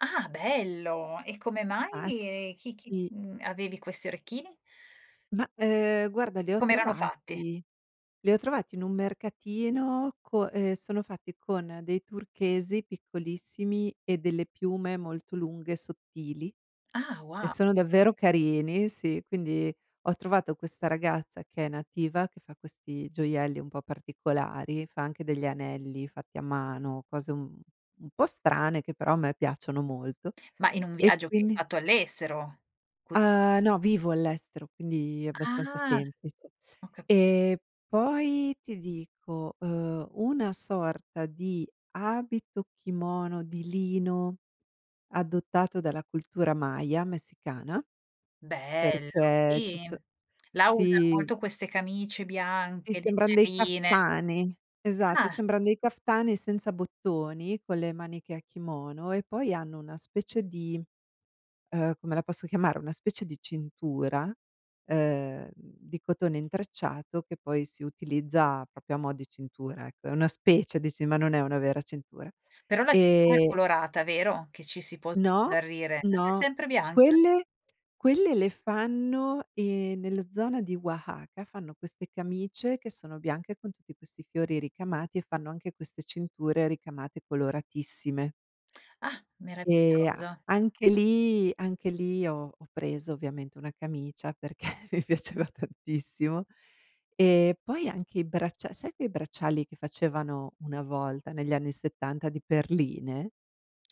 Ah bello. E come mai, Fatti ehm, chi chi mhmm, avevi questi orecchini? Ma, ehm, guarda, li E ho com'erano fatti? trovati li ho trovati in un mercatino, co e sono fatti con dei turchesi piccolissimi e delle piume molto lunghe e sottili, Ah e wo sono davvero carini sì, quindi ho trovato questa ragazza che è nativa, che fa questi gioielli un po' particolari, fa anche degli anelli fatti a mano, cose un un un po' strane che però a me piacciono molto Ma in un e viaggio che hai quindi fatto all'estero? Quindi Uhm, no, vivo all'estero, quindi è abbastanza Ah, semplice. ho capito. Ehm, poi ti dico, uhm, una sorta di abito-kimono di lino, adottato dalla cultura Maya messicana, Bello, perché ci sì. so Là usano sì. molto queste camicie Ti bianche, sembran dei leggerine. kaftani. Esatto, Ah. sembran dei kaftani senza bottoni, con le maniche a kimono e poi hanno una specie di uhm, come la posso chiamare, una specie di cintura, ehm, di cotone intrecciato, che poi si utilizza proprio a mo' di cintura ecco, è una specie, di ci ma non è una vera cintura. Però la cintura è Ehm colorata, vero? Che ci si può No, sbizzarrire. Ah, è no, sempre bianca? quelle quelle le fanno, ehm, nella zona di Wahaka, fanno queste camicie, che sono bianche con tutti questi fiori ricamati e fanno anche queste cinture ricamate, coloratissime. Ah, Ehm, a meraviglioso. anche lì anche lì ho ho preso ovviamente una camicia, perché mi piaceva tantissimo. Ehm, poi anche i braccia sai quei bracciali che facevano una volta negli anni '70 di perline?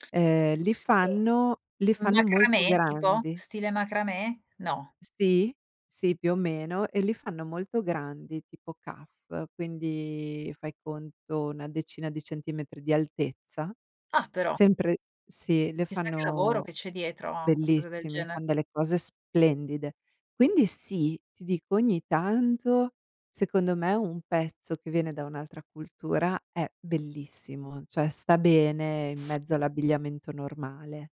Ehm, S li sì, fanno li un fanno molto macramè tipo? grandi. Stile macramè? No. Sì, sì, più o meno, e li fanno molto grandi tipo kaff, quindi fai conto una decina di centimetri di altezza. Ah però. Sempre sì, li Chissà che lavoro fanno che c'è dietro a una cosa del bellissimi, gene fan delle cose splendide. Quindi sì, ti dico ogni tanto, secondo me, un pezzo che viene da un'altra cultura è bellissimo, cioè sta bene in mezzo all'abbigliamento normale.